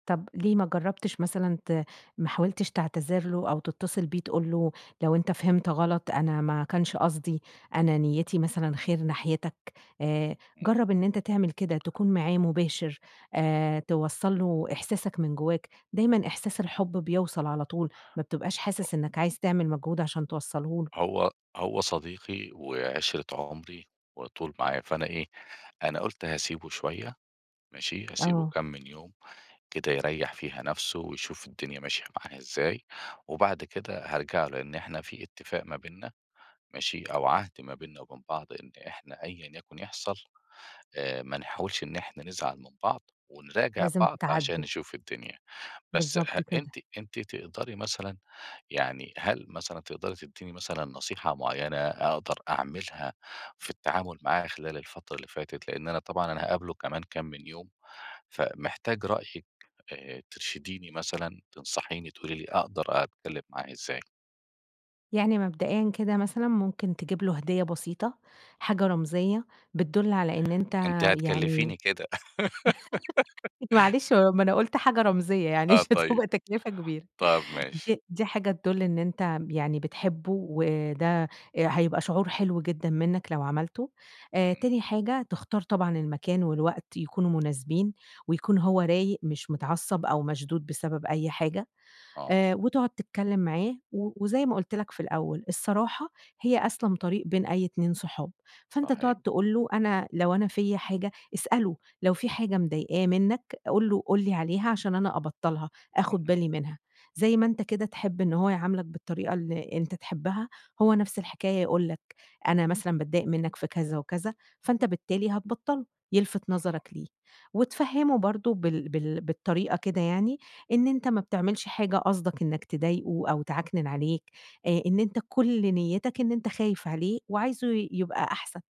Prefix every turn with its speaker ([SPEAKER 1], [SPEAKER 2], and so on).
[SPEAKER 1] طب ليه ما جربتش مثلًا ت ما حاولتش تعتذر له، أو تتصل بيه تقول له لو أنتَ فهمت غلط، أنا ما كانش قصدي، أنا نيتي مثلًا خير ناحيتك؟ آآ،
[SPEAKER 2] امم.
[SPEAKER 1] جرّب إن أنتَ تعمل كده تكون معاه مباشر، آآ، توصّل له إحساسك من جوّاك، دايمًا إحساس الحب بيوصل على طول، ما بتبقاش
[SPEAKER 2] [unintelligible]
[SPEAKER 1] حاسس إنك عايز تعمل مجهود عشان توصله له.
[SPEAKER 2] هو هو صديقي وعِشْرة عمري، وعلى طول معايا فأنا إيه، أنا قُلت هاسيبه شوية ماشي، هاسيبه
[SPEAKER 1] آه.
[SPEAKER 2] كام من يوم، كده يرّيح فيها نفسه ويشوف الدنيا ماشية معاه إزاي، وبعد كده هارجع له، لإن إحنا في اتفاق ما بيننا ماشي، أو عهد ما بيننا وبين بعض، إن إحنا أيًا يكن يحصل، آآ، ما نحاولش إن إحنا نزعل من بعض، ونراجع
[SPEAKER 1] لازم
[SPEAKER 2] بعض عشان
[SPEAKER 1] تتعاتبوا.
[SPEAKER 2] نشوف الدنيا، بس
[SPEAKER 1] بالضبط
[SPEAKER 2] أ
[SPEAKER 1] كده.
[SPEAKER 2] أنتِ أنتِ تقدري مثلًا، يعني هل مثلًا تقدري تدّيني مثلًا نصيحة معيّنة أقدر أعملها في التعامل معاه خلال الفترة اللي فاتت؟ لإن أنا طبعًا أنا هاقابله كمان كام من يوم، فمحتاج رأيِِك، آآ، ترشديني مثلًا، تنصحيني تقولي لي أقدر أتكلم معاه إزاي؟
[SPEAKER 1] يعني مبدئيًا كده مثلًا، ممكن تجيب له هدية بسيطة، حاجة رمزية بتدل على إن أنتَ
[SPEAKER 2] أنتِ
[SPEAKER 1] يعني،
[SPEAKER 2] هتكلفيني كده.
[SPEAKER 1] معلش م ما أنا قُلْت حاجة رمزية يعني
[SPEAKER 2] آه
[SPEAKER 1] مش
[SPEAKER 2] طيب
[SPEAKER 1] هتبقى تكلفة كبيرة
[SPEAKER 2] طَبْ ماشي.
[SPEAKER 1] دي دي حاجة تدُل إن أنتَ يعني بتحبه، وده هيبقى شعور حلو جدًا منّك لو عملته، آآ
[SPEAKER 2] امم.
[SPEAKER 1] تاني حاجة، تختار طبعًا المكان والوقت يكونوا مناسبين، ويكون هو رايق، مش متعصّب أو مشدود بسبب أي حاجة،
[SPEAKER 2] آه.
[SPEAKER 1] آآ وتقعد تتكلم معاه و وزي ما قُلْت لَك في الأول: "الصراحة هي أسلم طريق بين أي اتنين صحاب"، فأنتَ
[SPEAKER 2] صحيح.
[SPEAKER 1] تقعد تقول له أنا لو أنا فيَّ حاجة اسأله، لو في حاجة مضايقاه منّك، قُل له، قُل لي عليها عشان أنا أبطّلها، آخد
[SPEAKER 2] اهم.
[SPEAKER 1] بالي منها، زي ما أنتَ كده تحب إن هو يعاملك بالطريقة اللي أنتَ تحبها، هو نفس الحكاية يقول لَك، أنا مثلًا باتضايق منّك في كذا، وكذا. فأنتَ بالتالي هتبطّله، يِلفت نَظرك
[SPEAKER 2] أها.
[SPEAKER 1] ليه، وتفهّمه برضو بال بال بالطريقة كده يعني، إن أنتَ ما بتعملش حاجة قصدك إنك تضايقه أو تعَكنن عليه، آآ إن أنتَ كل نيّتك إن أنتَ خايف عليه وعايزه ي يبقى أحسن.